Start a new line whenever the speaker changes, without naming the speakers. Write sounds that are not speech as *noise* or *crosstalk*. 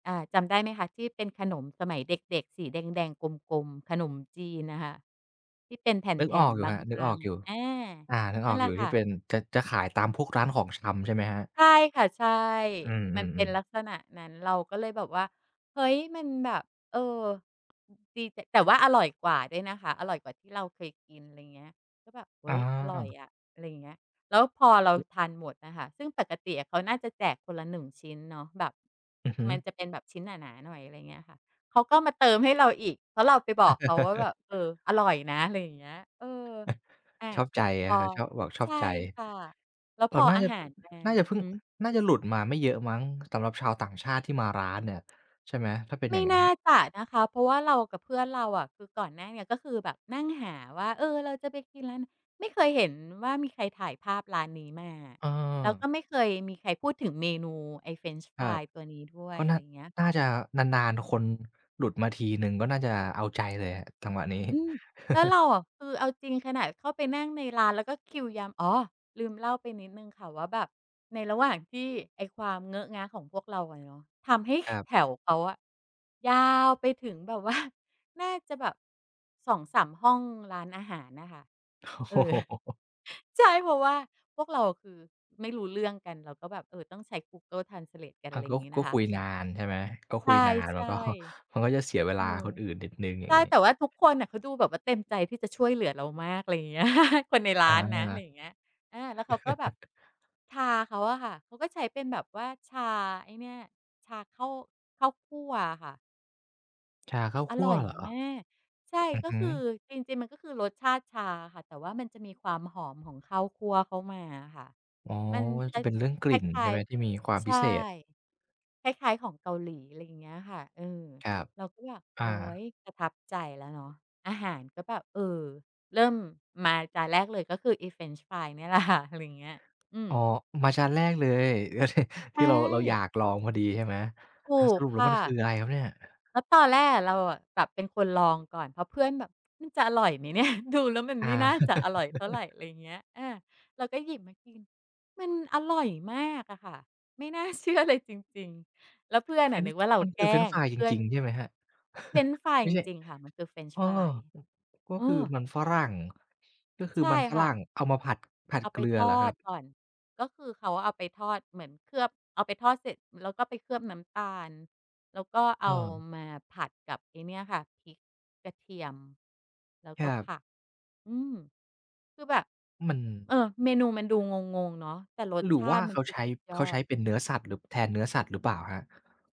อา จำ ได้ไหมคะ ที่เป็นขนมสมัยเด็ก ๆ สีแดง ๆ กลม ๆ ขนมจีนน่ะค่ะ ที่เป็นแ
นึก
ผ
อ
่
อ
น
กอยู
ๆ
่
บ
ครับ นึกอ
า
อ
ง
กอยู่
ๆ อะ อา
อา นึก
น
อ
ั่
อ
น
ก
แหล
อยู
ะ
่
ค
ที
่
่
ะ
เป็น จะ จะขายตามพวกร้านของชำใช่ไหมครับ?
ใช่ค่ะ ใช่
อื
มันเป็
อ
นล
ๆ
ั
ๆ
กษณะนั้น เราก็เลยแบบว่า เฮ้ย มันแบบ เออ อ ดี แต่ แต่ว่าอร่อยกว่าด้วยนะคะ อร่อยกว่าที่เราเคยกิน ไรเงี้ย ก็แบบ "เฮ้ย อร่อย
อา
อะ" อะไรอย่างเงี้ย แล้วพอเรา
ฮึ
ทานหมดอะค่ะ ซึ่งปกติอะเขาน่าจะแจกคนละ 1 ชิ้นเนาะ แบบ
อือฮึ
มันจะเป็นแบบชิ้นหนา ๆ หน่อย อะไรเงี้ยค่ะ เขาก็มาเติมให้เราอีก เพราะเราไปบอกเขาว่าแบบ "เออ
*chuckles*
อร่อยนะ" ไรอย่างเงี้ย เออ
*chuckles*
อา
ชอบใจ
พ
น
อ
ะครับ ชอบ บอกช
ใ
อ
ช
บ
่
ใจ
ค่ะ แล้ว
ก
พ
่อน
อ
หน้า
อา
จะ
หารมา
น่าจะเพิ่ง
หือ
น่าจะหลุดมาไม่เยอะมั้ง สำหรับชาวต่างชาติที่มาร้านเนี่ย ใช่ไหม? ถ้าเป็น
ไม
อย่
่
างงั
น
้น
่าจะนะคะ เพราะว่าเรากับเพื่อนเราอะ คือก่อนหน้าเนี้ยก็คือแบบนั่งหาว่า "เออ เราจะไปกินร้านไหน?" ไม่เคยเห็นว่ามีใครถ่ายภาพร้านนี้มาอะ
เออ
แล้วก็ไม่เคยมีใครพูดถึงเมนูไอ้เฟรนช์
ค
ฟ
ร
ร
ั
า
บ
ยตัวนี้ด้ว
ก
ย
็
อ
น
ะ
่
ไ
า
รเงี้ย
น
ค
่า
่ะ
จะนาน ๆ คนหลุดมาทีหนึ่ง ก็น่าจะเอาใจเลยอะ จังหวะ นี้
อืม แล้วเร
*chuckles*
าอะ คือเอาจริงขนาดเข้าไปนั่งในร้าน แล้วก็คิวยาม อ๋อ ลืมเล่าไปนิดหนึ่งค่ะว่าแบบ ในระหว่างที่ไอ้ความเงอะงะของพวกเราอะเยาะ ทำให้ ข
ครับ
แถวเขาอะยาวไปถึงแบบว่า *chuckles* น่าจะแบบ 2-3 ห้องร้านอาหารน่ะค่ะ
โอ้
เ
โ
ออ
ฮ
*chuckles* ใช่ เพราะว่าพวกเราคือไม่รู้เรื่องกัน เราก็แบบ เออ ต้องใช้ Google Translate กัน
อา
ไรอ
ก
ย่
็
างงี้
ก
น
็
ะค
ค
ะ
ุย
ไร
งา
เงี้ย
นใช่ไหม ก็
ใ
คุยนาน
ช
มัน
่
ก็ มันก็จะเสียเว
ๆ เอ
ลา
อ
คนอื่นนิดหนึ่ง อย
ใ
่
ช
าง
่
งี้
แต่ว่าทุกคนน่ะเขาดูแบบว่าเต็มใจที่จะช่วยเหลือเรามาก อะไรอย่างเงี้ย *chuckles* คนในร้
อ
านน
า
ะ อะไรอย่างเงี้ย อา แล้วเขาก็แบบ
*chuckles*
ชาเขาอะค่ะ เขาก็ใช้เป็นแบบว่าชาไอ้เนี่ย ชาเข้า ข้าวคั่วอะค่ะ
ชาข้าว
อ
คั
ร
่ว
่อย
เหรอ?
มาก ใช่
อือ
ก็
ฮึ
คือ จริง ๆ มันก็คือรสชาติชาอะค่ะ แต่ว่ามันจะมีความหอมของข้าวคั่วเข้ามาอะค่ะ
อ๋อ
มัน
ว่า
ค
จะเป็นเรื่องกล
ล้
ิ่
าย
น
คล
ใช
้
่
า
ไ
ย
หม? ที่มีความ
ๆ ใช
พิ
่
เศษ
คล้าย ๆ ของเกาหลี อะไรอย่างเงี้ยค่ะ เออ
ครับ
เราก็แบบ
อ
โอ๊
า
ย ประทับใจ แล้วเนาะ อาหารก็แบบ เออ เริ่มมาจานแรกเลย ก็คืออีเฟรนช์ฟรายเนี่ยแหละ ค่ะ อะไรอย่างเงี้ย อื
อ
ม
๋อ อ มาจานแรกเลย *chuckles*
ใ
ท
ช
ี่เรา เราอย
่
ากลอง พอดี ใช่ไหม
ถ
อา
ู
ส
ก
รุปแล
ค
้ว
่
มันคื
ะ
ออะไรครับเนี่ย?
แล้วตอนแรกอะ เราอะแบบเป็นคนลองก่อน เพราะเพื่อนแบบ *tsk* "มันจะอร่อยไหม เนี่ย? ดูแล้วมัน
อ
ไ
า
ม่น่าจะอร่อยเท่าไร" อ
*laughs*
ะไรอย่างเงี้ย อา เราก็หยิบมากิน มันอร่อยมากอะค่ะ ไม่น่า เชื่อเลย จริง ๆ แล้วเพื่อน
เฟ
อ
ร
ะ
น
น
ช
ึ
์
กว่าเรา
มัน
แ
ค
ก
ื
ล
อ
้
เฟรนช์
ง
ฟรายจ
เพื่อ
ร
น
ิง ๆ ใช่ไหมครับ
เฟรนช
*chuckles*
์ฟราย
ไม่
จ
ใช่
ริง ๆ ค่ะ มันคือเฟรนช
เอ
์
อ
ฟราย
ก็
เอ
คือ
อ
มันฝรั่ง ก็คื
ใช
อ
่
มันฝ
ค
ร
่
ั
ะ
่งเอามาผัด ผัด
เอา
เก
ไป
ลือ
ทอ
เหรอครั
ด
บ?
ก่อน ก็คือเขาเอาไปทอด เหมือนเคลือบ เอาไปทอดเสร็จ แล้วก็ไปเคลือบน้ำตาล แล้วก็เอ
อ้
า
อ
มาผัดกับไอ้เนี่ยค่ะ พริก กระเทียม แล้ว
ค
ก
ร
็
ั
ผ
บ
ัก อืม คือแบบ
มัน
เออ เมนูมันดูงง ๆ เนาะ แต่รส
หรื
ช
อ
า
ว่
ต
า
ิม
เ
ั
ข
น
า
คือ
ใช้
สุดย
เ
อ
ขาใช
ด
้เป็นเนื้อสัตว์ หรือแทนเนื้อสัตว์ หรือเปล่าครับ?